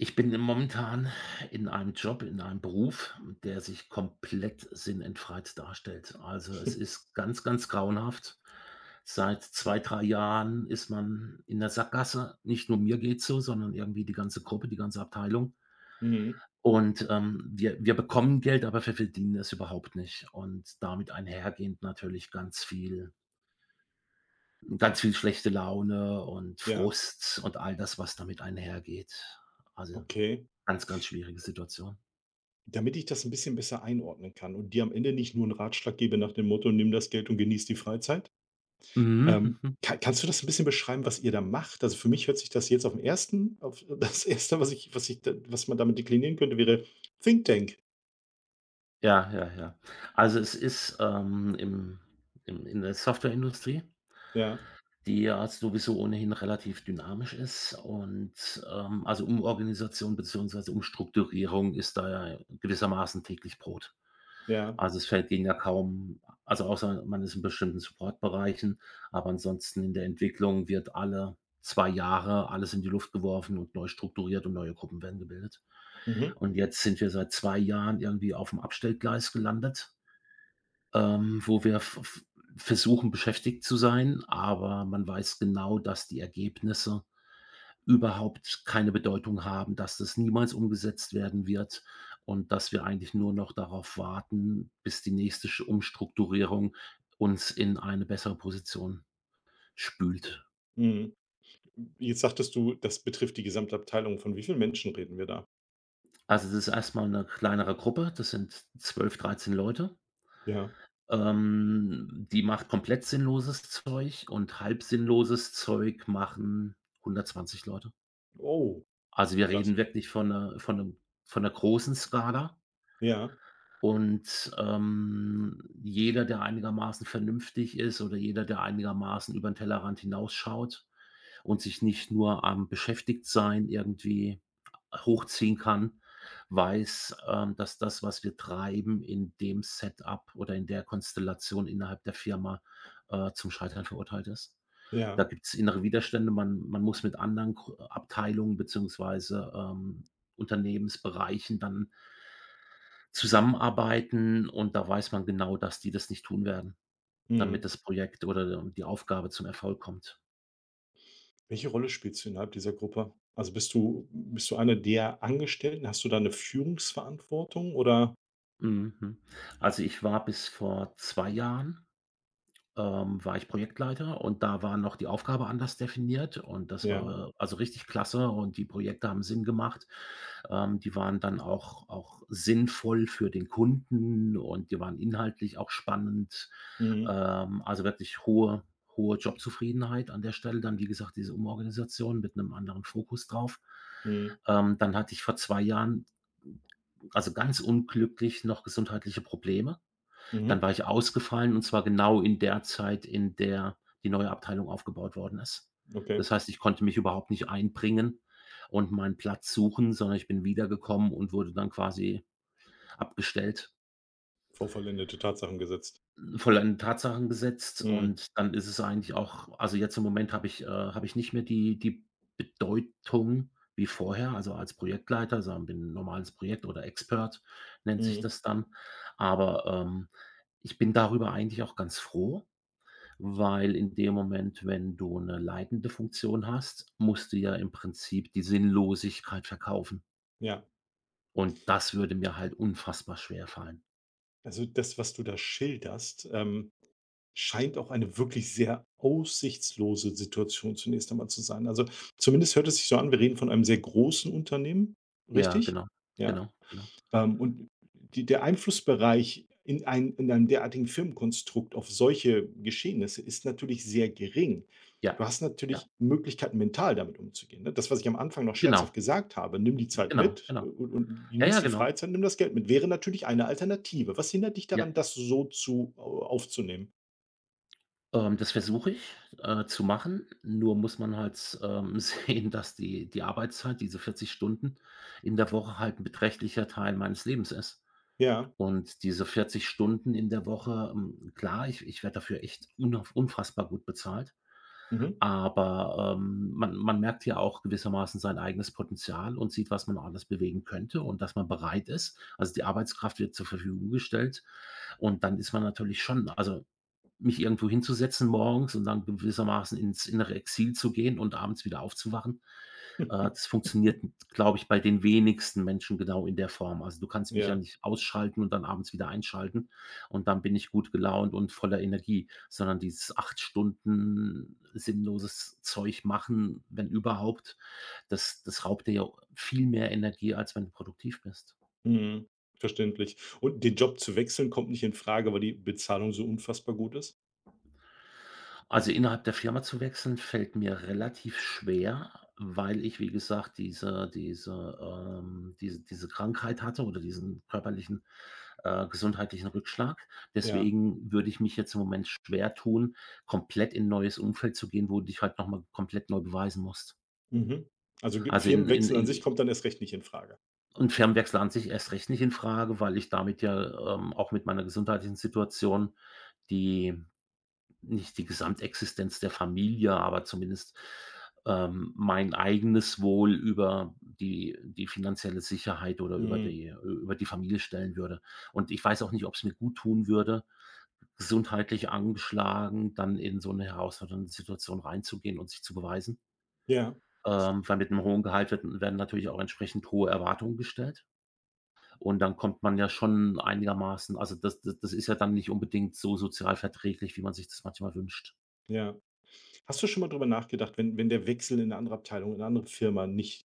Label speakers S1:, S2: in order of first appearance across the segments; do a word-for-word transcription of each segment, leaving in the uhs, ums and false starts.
S1: Ich bin, äh, momentan in einem Job in einem Beruf, der sich komplett sinnentfreit darstellt. Also, es ist ganz, ganz grauenhaft. Seit zwei, drei Jahren ist man in 'ner Sackgasse. Nicht nur mir geht's so, sondern irgendwie die ganze Gruppe, die ganze Abteilung.
S2: Mhm.
S1: Und, ähm, wir wir bekommen Geld, aber wir verdienen es überhaupt nicht und damit einhergehend natürlich ganz viel ganz viel schlechte Laune und
S2: Ja.
S1: Frust und all das, was damit einhergeht. Also,
S2: Okay.
S1: ganz, ganz schwierige Situation.
S2: Damit ich das 'n bisschen besser einordnen kann und dir am Ende nicht nur 'n Ratschlag gebe nach dem Motto: „Nimm das Geld und genieße die Freizeit,“
S1: Mhm,
S2: ähm,
S1: hm, hm.
S2: ka kannst du das 'n bisschen beschreiben, was ihr da macht? Also, für mich hört sich das jetzt auf 'n ersten auf das Erste, was ich was ich d was man damit deklinieren könnte, wäre: „Thinktank.“
S1: Ja, ja, ja. Also, es ist, ähm, im im in der Softwareindustrie
S2: Ja.
S1: die ja sowieso ohnehin relativ dynamisch ist und, ähm also, Umorganisation beziehungsweise Umstrukturierung ist da ja gewissermaßen täglich Brot.
S2: Ja.
S1: Also, es fällt denen ja kaum also, außer man ist in bestimmten Supportbereichen, aber ansonsten in der Entwicklung wird alle zwei Jahre alles in die Luft geworfen und neu strukturiert und neue Gruppen werden gebildet.
S2: Mhm.
S1: Und jetzt sind wir seit zwei Jahren irgendwie auf'm Abstellgleis gelandet. Ähm, wo wir v v versuchen, beschäftigt zu sein. Aber man weiß genau, dass die Ergebnisse überhaupt keine Bedeutung haben, dass das niemals umgesetzt werden wird und dass wir eigentlich nur noch darauf warten, bis die nächste sch Umstrukturierung uns in eine bessere Position spült.
S2: Mhm. Jetzt sagtest du, das betrifft die gesamte Abteilung. Von wie vielen Menschen reden wir da?
S1: Also, das ist erstmal 'ne kleinere Gruppe. Das sind zwölf, dreizehn Leute.
S2: Ja.
S1: Ähm, die macht komplett sinnloses Zeug und halb sinnloses Zeug machen hundertzwanzig Leute.
S2: Oh,
S1: Also, wir
S2: das
S1: reden wirklich von 'ner von 'nem von 'ner großen Skala.
S2: Ja.
S1: Und, ähm, jeder, der einigermaßen vernünftig ist oder jeder, der einigermaßen über 'n Tellerrand hinausschaut und sich nicht nur am Beschäftigtsein irgendwie hochziehen kann, weiß, ähm, dass das, was wir treiben, in dem Setup oder in der Konstellation innerhalb der Firma, äh, zum Scheitern verurteilt ist. Da
S2: Ja.
S1: gibt's innere Widerstände, man man muss mit anderen Abteilungen beziehungsweise, ähm, Unternehmensbereichen dann zusammenarbeiten. Und da weiß man genau, dass die das nicht tun werden, damit
S2: Mhm.
S1: das Projekt oder die Aufgabe zum Erfolg kommt.
S2: Welche Rolle spielst du innerhalb dieser Gruppe? Also, bist du bist du eine der Angestellten? Hast du da 'ne Führungsverantwortung, oder
S1: Mhm, hm. Also, ich war bis vor zwei Jahren, ähm, war ich Projektleiter und da waren noch die Aufgabe anders definiert und das
S2: Ja.
S1: war also, richtig klasse und die Projekte haben Sinn gemacht, ähm, die waren dann auch auch sinnvoll für den Kunden und die waren inhaltlich auch spannend,
S2: Mhm.
S1: ähm also, wirklich hohe hohe Jobzufriedenheit an der Stelle dann wie gesagt, diese Umorganisation mit 'nem anderen Fokus drauf.
S2: Mhm.
S1: Ähm, dann hatte ich vor zwei Jahren also, ganz unglücklich noch gesundheitliche Probleme. Dann
S2: Mhm.
S1: war ich ausgefallen und zwar genau in der Zeit, in der die neue Abteilung aufgebaut worden ist,
S2: Okay.
S1: das heißt, ich konnte mich überhaupt nicht einbringen und meinen Platz suchen, sondern ich bin wiedergekommen und wurde dann quasi abgestellt.
S2: Vor vollendete Tatsachen gesetzt.
S1: Vollendeten Tatsachen gesetzt
S2: Mhm.
S1: und dann ist es eigentlich auch also, jetzt im Moment habe ich äh, habe ich nicht mehr die die Bedeutung wie vorher also, als Projektleiter, also an bin normales Projekt oder Expert, nennt sich
S2: Mhm.
S1: das dann, aber, ähm, ich bin darüber eigentlich auch ganz froh, weil in dem Moment, wenn du 'ne leitende Funktion hast, musst du ja im Prinzip die Sinnlosigkeit verkaufen
S2: Ja.
S1: und das würde mir halt unfassbar schwerfallen.
S2: Also, das, was du da schilderst, ähm, scheint auch eine wirklich sehr aussichtslose Situation zunächst einmal zu sein. Also, zumindest hört es sich so an. Wir reden von einem sehr großen Unternehmen,
S1: Ja,
S2: richtig?
S1: genau.
S2: Ja,
S1: Genau, genau.
S2: ähm, und die der Einflussbereich in einem in einem derartigen Firmenkonstrukt auf solche Geschehnisse ist natürlich sehr gering.
S1: Ja,
S2: Du hast
S1: ja.
S2: natürlich Möglichkeiten, mental damit umzugehen, ne? Das, was ich am Anfang noch
S1: Genau.
S2: scherzhaft gesagt habe. Nimm die
S1: G g
S2: Zeit
S1: Genau,
S2: mit
S1: genau.
S2: u u und
S1: Ja,
S2: genieß
S1: ja,
S2: die
S1: genau.
S2: Freizeit. Nimm das Geld mit. Wäre natürlich eine Alternative. Was hindert dich daran,
S1: Ja.
S2: das so zu aufzunehmen?
S1: Ähm, das versuche ich, äh, zu machen. Nur muss man halt s ähm, sehen, dass die die Arbeitszeit diese vierzig Stunden in der Woche halt 'n beträchtlicher Teil meines Lebens ist.
S2: Ja.
S1: Und diese vierzig Stunden in der Woche, mm klar ich ich werde dafür echt unauf unfassbar gut bezahlt.
S2: Mhm.
S1: Aber, ähm, man man merkt hier auch gewissermaßen sein eigenes Potenzial und sieht, was man alles bewegen könnte und dass man bereit ist. Also, die Arbeitskraft wird zur Verfügung gestellt. Und dann ist man natürlich schon also, mich irgendwo hinzusetzen morgens und dann gewissermaßen ins innere Exil zu gehen und abends wieder aufzuwachen. Äh, das funktioniert, glaube ich, bei den wenigsten Menschen genau in der Form. Also, du kannst mich ja
S2: Ja.
S1: nicht ausschalten und dann abends wieder einschalten. Und dann bin ich gut gelaunt und voller Energie, sondern dieses acht Stunden sinnloses Zeug machen, wenn überhaupt, das das raubt dir ja viel mehr Energie, als wenn du produktiv bist.
S2: Mhm, verständlich. Und den Job zu wechseln, kommt nicht in Frage, weil die Bezahlung so unfassbar gut ist?
S1: Also, innerhalb der Firma zu wechseln, fällt mir relativ schwer, weil ich, wie gesagt, diese diese, ähm, diese diese Krankheit hatte oder diesen körperlichen, äh, gesundheitlichen Rückschlag.
S2: Ja.
S1: Deswegen würde ich mich jetzt im Moment schwer tun, komplett in neues Umfeld zu gehen, wo dich halt noch mal komplett neu beweisen musst.
S2: Mhm, also, gib
S1: Also in in
S2: Firmenwechsel an sich
S1: in
S2: kommt dann erst recht nicht in Frage.
S1: Und Fernwechsel an sich erst recht nicht in Frage, weil ich damit ja, ähm, auch mit meiner gesundheitlichen Situation, die nicht die Gesamtexistenz der Familie, aber zumindest, ähm, mein eigenes Wohl über die die finanzielle Sicherheit oder über
S2: Mhm.
S1: die über die Familie stellen würde. Und ich weiß auch nicht, ob's mir gut tun würde, gesundheitlich angeschlagen, dann in so 'ne herausfordernde Situation reinzugehen und sich zu beweisen.
S2: Ja.
S1: Ähm, weil mit 'nem hohen Gehalt wird werden natürlich auch entsprechend hohe Erwartungen gestellt. Und dann kommt man ja schon einigermaßen also, das das ist ja dann nicht unbedingt so sozialverträglich, wie man sich das manchmal wünscht.
S2: Ja. Hast du schon mal drüber nachgedacht, wenn wenn der Wechsel in 'ne andere Abteilung in 'ne andere Firma nicht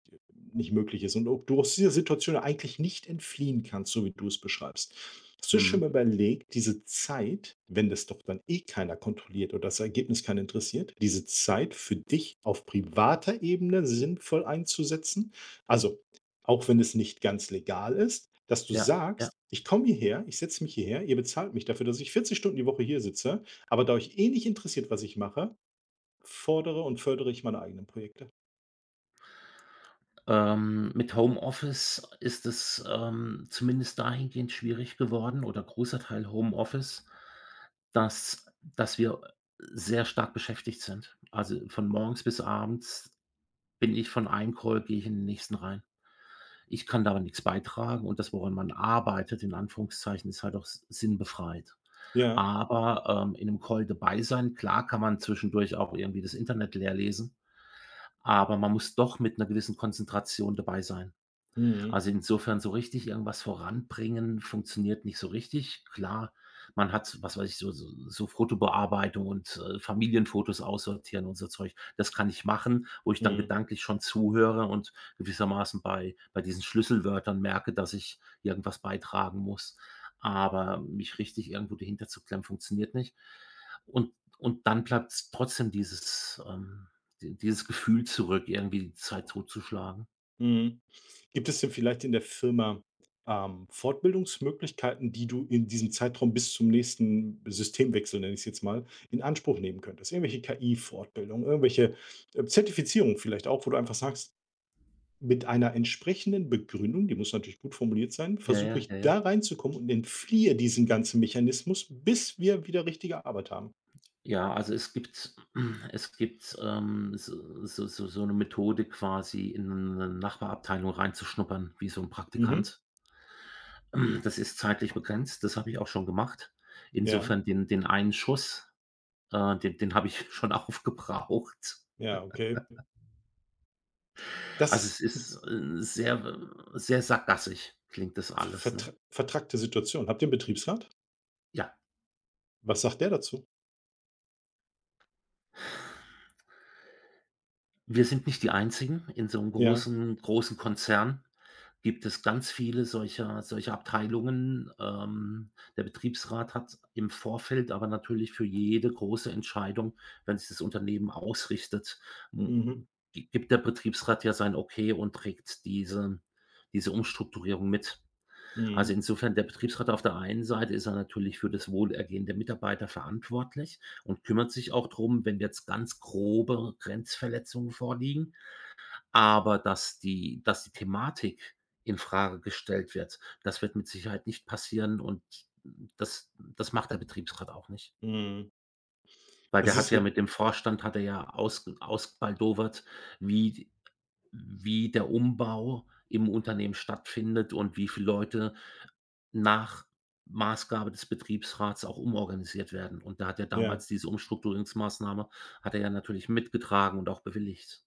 S2: nicht möglich ist und ob du aus dieser Situation eigentlich nicht entfliehen kannst, so wie du es beschreibst hast du schon
S1: Mhm.
S2: mal überlegt, diese Zeit, wenn das doch dann eh keiner kontrolliert und das Ergebnis keinen interessiert, diese Zeit für dich auf privater Ebene sinnvoll einzusetzen? Also, auch wenn es nicht ganz legal ist, dass du
S1: Ja, ja.
S2: sagst: „Ich komme hierher ich setze mich hierher, ihr bezahlt mich dafür, dass ich vierzig Stunden die Woche hier sitze, aber da euch eh nicht interessiert, was ich mache, fordere und fördere ich meine eigenen Projekte.”
S1: Ähm, mit Homeoffice ist es, ähm, zumindest dahingehend schwierig geworden oder großer Teil Homeoffice, dass dass wir, äh, sehr stark beschäftigt sind, also, von morgens bis abends bin ich von einem Call gehe ich in den nächsten rein. Ich kann daran nichts beitragen und das, woran man arbeitet, in Anführungszeichen, ist halt auch si sinnbefreit,
S2: Ja.
S1: aber, ähm, in 'nem Call dabei sein klar, kann man zwischendurch auch irgendwie das Internet leerlesen, aber man muss doch mit 'ner gewissen Konzentration dabei sein.
S2: Mhm.
S1: Also, insofern so richtig irgendwas voranbringen funktioniert nicht so richtig. Klar, man hat, was weiß ich, so so Fotobearbeitung und Familienfotos aussortieren und so Zeug, das kann ich machen, wo ich dann
S2: Mhm.
S1: gedanklich schon zuhöre und gewissermaßen bei bei diesen Schlüsselwörtern merke, dass ich irgendwas beitragen muss, aber mich richtig irgendwo dahinterzuklemmen funktioniert nicht. Und und dann bleibt's trotzdem dieses ähm, dieses Gefühl zurück, irgendwie die Zeit totzuschlagen.
S2: Mm. Gibt es denn vielleicht in der Firma, ähm, Fortbildungsmöglichkeiten, die du in diesem Zeitraum bis zum nächsten Systemwechsel nenne ich es jetzt mal, in Anspruch nehmen könntest? Irgendwelche KI-Fortbildungen, irgendwelche Zertifizierung vielleicht auch, wo du einfach sagst: „Mit einer entsprechenden Begründung“, die muss natürlich gut formuliert sein,
S1: Ja,
S2: „versuche
S1: ja,
S2: ich
S1: ja, ja.
S2: da reinzukommen und entfliehe diesem ganzen Mechanismus, bis wir wieder richtige Arbeit haben.“
S1: Ja, also, es gibt es gibt, ähm, s so so so 'ne Methode quasi in 'ne Nachbarabteilung reinzuschnuppern, wie so 'n
S2: Mhm.
S1: Praktikant. Das ist zeitlich begrenzt, das habe ich auch schon gemacht.
S2: Ja.
S1: Insofern den den einen Schuss, äh, den den habe ich schon auf gebraucht.
S2: Ja, okay. Das
S1: Also, es
S2: ist 'n
S1: ist sehr sehr sackgassig, klingt das alles,
S2: Ver
S1: ne?
S2: vertrackte Situation. Habt ihr 'n
S1: [unintelligible]
S2: Betriebsrat?
S1: Ja.
S2: Was sagt der dazu?
S1: Wir sind nicht die einzigen. In so 'nem
S2: Ja.
S1: großen großen Konzern gibt es ganz viele solcher solcher Abteilungen. Ähm, der Betriebsrat hat im Vorfeld aber natürlich für jede große Entscheidung, wenn sich das Unternehmen ausrichtet, mm
S2: Mhm.
S1: gibt der Betriebsrat ja sein okay und trägt diesen diese Umstrukturierung mit. Also,
S2: Mhm.
S1: insofern der Betriebsrat auf der einen Seite ist er natürlich für das Wohlergehen der Mitarbeiter verantwortlich und kümmert sich auch drum, wenn jetzt ganz grobe Grenzverletzungen vorliegen, aber dass die dass die Thematik in Frage gestellt wird. Das wird mit Sicherheit nicht passieren. Und das das macht der Betriebsrat auch nicht.
S2: Mhm.
S1: Weil
S2: Das
S1: der hat
S2: ist
S1: ja
S2: 'ne
S1: mit dem Vorstand hat er ja aus ausbaldowert, wie wie der Umbau im Unternehmen stattfindet und wie viele Leute nach Maßgabe des Betriebsrats auch umorganisiert werden. Und da hat er
S2: Ja.
S1: damals diese Umstrukturierungsmassnahme hat er ja natürlich mitgetragen und auch bewilligt.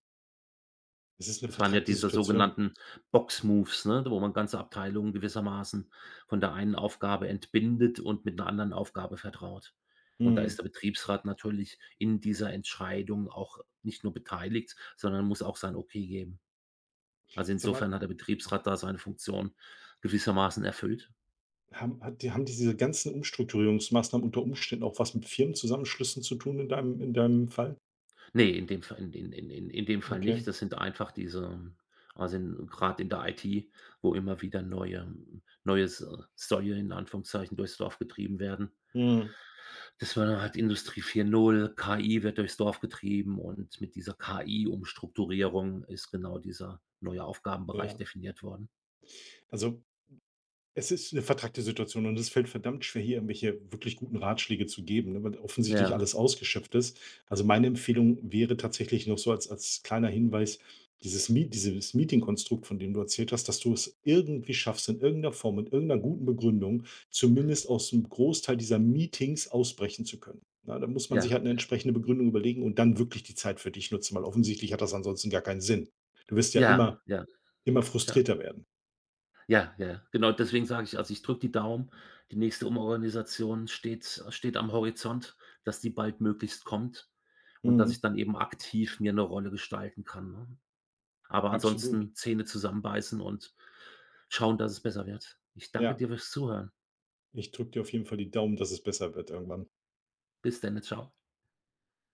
S2: Es ist 'ne
S1: Das waren ja
S2: vertrackte
S1: diese
S2: Situation.
S1: sogenannten Box-Moves, ne, wo man ganze Abteilungen gewissermaßen von der einen Aufgabe entbindet und mit 'ner anderen Aufgabe vertraut und da ist
S2: Mhm.
S1: der Betriebsrat natürlich in dieser Entscheidung auch nicht nur beteiligt, sondern muss auch sein Okay geben. Also,
S2: Sage mal
S1: insofern hat der Betriebsrat da seine Funktion gewissermaßen erfüllt.
S2: haben hat die haben die diese ganzen Umstrukturierungsmaßnahmen unter Umständen auch was mit Firmenzusammenschlüssen zu tun in deinem in deinem Fall.
S1: Ne, in dem Fall in in in in in dem Fall
S2: Okay.
S1: nicht. Das sind einfach diese also, grad in der IT, wo immer wieder neue neues Säue in Anführungszeichen durchs Dorf getrieben werden
S2: Mhm.
S1: das war dann halt Industrie vier null, KI wird durchs Dorf getrieben und mit dieser KI-Umstrukturierung ist genau dieser neue Aufgabenbereich
S2: Ja.
S1: definiert worden.
S2: Also, es ist 'ne vertrackte Situation und es fällt verdammt schwer, hier irgendwelche wirklich guten Ratschläge zu geben, weil offensichtlich
S1: Ja.
S2: alles ausgeschöpft ist. Also, meine Empfehlung wäre tatsächlich noch so als als kleiner Hinweis dieses Me dieses Meeting-Konstrukt, von dem du erzählt hast, dass du es irgendwie schaffst, in irgendeiner Form und irgendeiner guten Begründung zumindest aus'm Großteil dieser Meetings ausbrechen zu können. Ja, da muss man sich
S1: Ja,
S2: halt 'ne
S1: ja.
S2: entsprechende Begründung überlegen und dann wirklich die Zeit für dich nutzen, weil offensichtlich hat das ansonsten gar keinen Sinn. Du wirst ja
S1: Ja,
S2: immer
S1: ja,
S2: immer
S1: ja.
S2: frustrierter werden.
S1: Ja, ja, genau, deswegen sage ich: „Also, ich drücke die Daumen.” Die nächste Umorganisation steht steht am Horizont, dass die baldmöglichst kommt und dass
S2: Mhm.
S1: ich dann eben aktiv mir 'ne Rolle gestalten kann, ne? Aber
S2: Absolut.
S1: ansonsten Zähne zusammenbeißen und schauen, dass es besser wird. Ich danke
S2: Ja.
S1: dir fürs Zuhören.
S2: Ich drücke dir auf jeden Fall die Daumen, dass es besser wird irgendwann.
S1: Bis denne, tschau.